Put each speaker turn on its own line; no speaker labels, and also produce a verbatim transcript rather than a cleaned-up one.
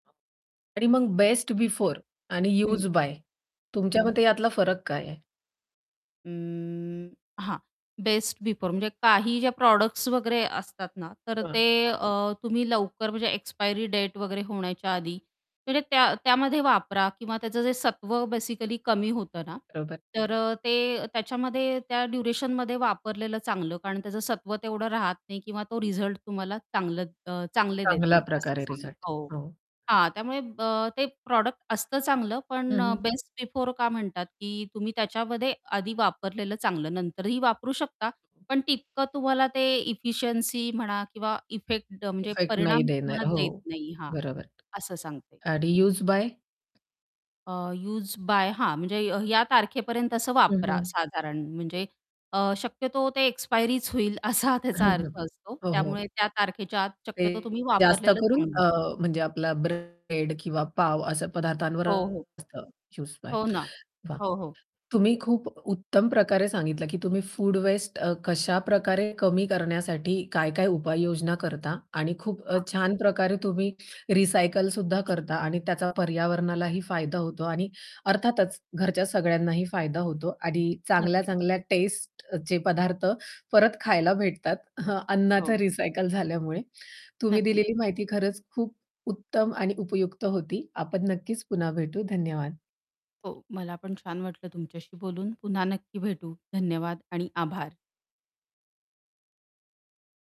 आणि मग best before आणि
हं.
यूज बाय तुमच्या
हं.
मते यातला फरक काय आहे?
उम, हां. बेस्ट बिफोर म्हणजे काही ज्या प्रॉडक्ट्स वगैरे असतात ना, तर
[unintelligible]
ते
हां.
अ, तुम्ही लवकर म्हणजे एक्सपायरी डेट वगैरे होण्याच्या आधी म्हणजे त्या त्यामध्ये वापरा किंवा त्याचं जे सत्व बेसिकली कमी होतं ना,
[unintelligible]
तर अ, ते त्याच्यामध्ये त्या ड्युरेशनमध्ये वापरलेलं चांगलं. कारण त्याचं सत्व तेवढं राहत नाही किंवा तो रिझल्ट तुम्हाला चांगलं अ, चांगले देत
चांगल्या
नाही असं
प्रकारे
सांग
रिझल्ट.
हो.
हो.
हां, त्यामुळे अ, ते प्रॉडक्ट असतं चांगलं
हं,
पण अ,
हं.
बेस्ट बिफोर का म्हणतात, की तुम्ही त्याच्यामध्ये आधी वापरलेलं चांगलं नंतरही वापरू शकता पण तितकं तुम्हाला ते एफिशियन्सी म्हणा किंवा इफेक्ट म्हणजे
इफेक्ट नाही
परिणाम तुम्हाला
देणार. हो,
देत नाही हा,
बरोबर.
असं सांगता येईल
अडी
त्याच्यामध्ये.
Used by?
अ, यूज बाय हां, म्हणजे या तारखेपर्यंत असं
हं,
वापरा
हं.
साधारण म्हणजे अ, शक्यतो ते एक्सपायरीच होईल असा त्याचा
हां, हां.
अर्थ असतो.
हो, हो.
त्यामुळे त्या तारखेच्या आत
ते
शक्यतो तुम्ही
जास्त
वापरलेलं
करून
चांगलं.
अ, म्हणजे आपला ब्रेड किंवा पाव अशा पदार्थांवर
हो, हो.
असतं यूज्ड बाय.
हो ना.
वाह,
हो, हो.
तुम्ही खूप उत्तम प्रकारे सांगितलं, की तुम्ही फूड वेस्ट अ, कशा प्रकारे कमी करण्यासाठी काय-काय उपाययोजना करता आणि खूप अ,
हां.
छान प्रकारे तुम्ही रिसायकल सुद्धा करता आणि त्याचा पर्यावरणालाही फायदा होतो आणि अर्थातच घरच्या सगळ्यांनाही फायदा होतो आणि
नक्कीच.
चांगल्या-चांगल्या टेस्टचे पदार्थ परत खायला भेटतात. अन्नाचं
हो.
रिसायकल झाल्यामुळे. तुम्ही
नक्कीच.
दिलेली माहिती खरंच खूप उत्तम आणि उपयुक्त होती. आपण नक्कीच पुन्हा भेटू. धन्यवाद.
हो, मला पण छान वाटलं तुमच्याशी बोलून. पुन्हा नक्की भेटू. धन्यवाद आणि आभार.